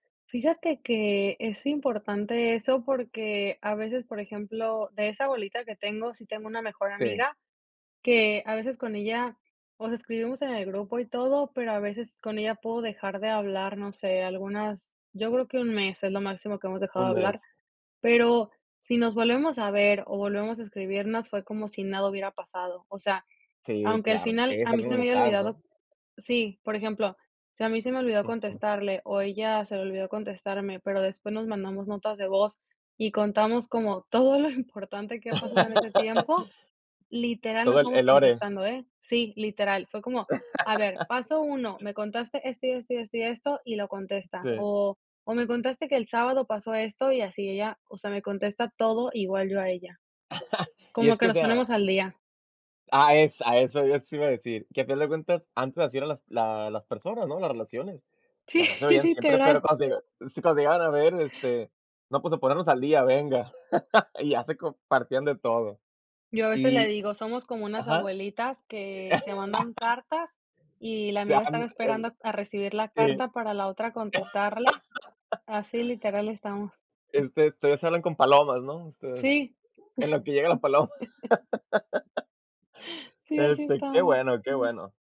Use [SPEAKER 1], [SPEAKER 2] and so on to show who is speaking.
[SPEAKER 1] Fíjate, que es importante eso, porque a veces, por ejemplo, de esa bolita que tengo, sí tengo una mejor
[SPEAKER 2] Sí.
[SPEAKER 1] amiga, que a veces con ella, o sea, escribimos en el grupo y todo, pero a veces con ella puedo dejar de hablar, no sé, algunas yo creo que 1 mes, es lo máximo que hemos dejado de
[SPEAKER 2] 1
[SPEAKER 1] hablar.
[SPEAKER 2] mes.
[SPEAKER 1] Pero, si nos volvemos a ver o volvemos a escribirnos, fue como si nada hubiera pasado. O sea,
[SPEAKER 2] Sí,
[SPEAKER 1] aunque al
[SPEAKER 2] claro,
[SPEAKER 1] final a
[SPEAKER 2] esa es
[SPEAKER 1] mí
[SPEAKER 2] una
[SPEAKER 1] se me haya
[SPEAKER 2] amistad, ¿no?
[SPEAKER 1] olvidado sí, por ejemplo, si a mí se me olvidó
[SPEAKER 2] Ujú.
[SPEAKER 1] contestarle, o ella se le olvidó contestarme, pero, después nos mandamos notas de voz y contamos como todo lo importante que ha pasado en ese tiempo. Literal,
[SPEAKER 2] Todo,
[SPEAKER 1] nos
[SPEAKER 2] el
[SPEAKER 1] vamos
[SPEAKER 2] el lore.
[SPEAKER 1] contestando, ¿eh? Sí, literal. Fue como, a ver, paso 1 me contaste esto y esto, y esto, y esto, y lo contesta.
[SPEAKER 2] Sí.
[SPEAKER 1] O, o me contaste que el sábado pasó esto. Y así ella, o sea, me contesta todo, igual yo a ella.
[SPEAKER 2] Y
[SPEAKER 1] Como
[SPEAKER 2] es
[SPEAKER 1] que
[SPEAKER 2] que, o
[SPEAKER 1] nos
[SPEAKER 2] sea
[SPEAKER 1] ponemos al día.
[SPEAKER 2] ah, es a eso, yo eso iba a decir, que al final de cuentas, antes así era las la las personas, ¿no?, las relaciones. O
[SPEAKER 1] Sí,
[SPEAKER 2] sea, no se veían siempre, pero
[SPEAKER 1] literal.
[SPEAKER 2] cuando se sí, cuando se llegaban a ver, este, no, pues, a ponernos al día, venga, y ya se compartían de todo.
[SPEAKER 1] Yo a veces le
[SPEAKER 2] Y
[SPEAKER 1] digo, somos como unas
[SPEAKER 2] ajá.
[SPEAKER 1] abuelitas,
[SPEAKER 2] Eh
[SPEAKER 1] que se mandan cartas, y la
[SPEAKER 2] Sí,
[SPEAKER 1] amiga
[SPEAKER 2] ajá,
[SPEAKER 1] estaba
[SPEAKER 2] el
[SPEAKER 1] esperando a recibir la
[SPEAKER 2] sí.
[SPEAKER 1] carta, para la otra contestarle, así literal estamos.
[SPEAKER 2] Este, todavía se hablan con palomas, ¿no? Ustedes,
[SPEAKER 1] Sí.
[SPEAKER 2] en lo que llega la paloma.
[SPEAKER 1] Sí, así
[SPEAKER 2] Este, qué
[SPEAKER 1] estamos.
[SPEAKER 2] bueno, qué bueno.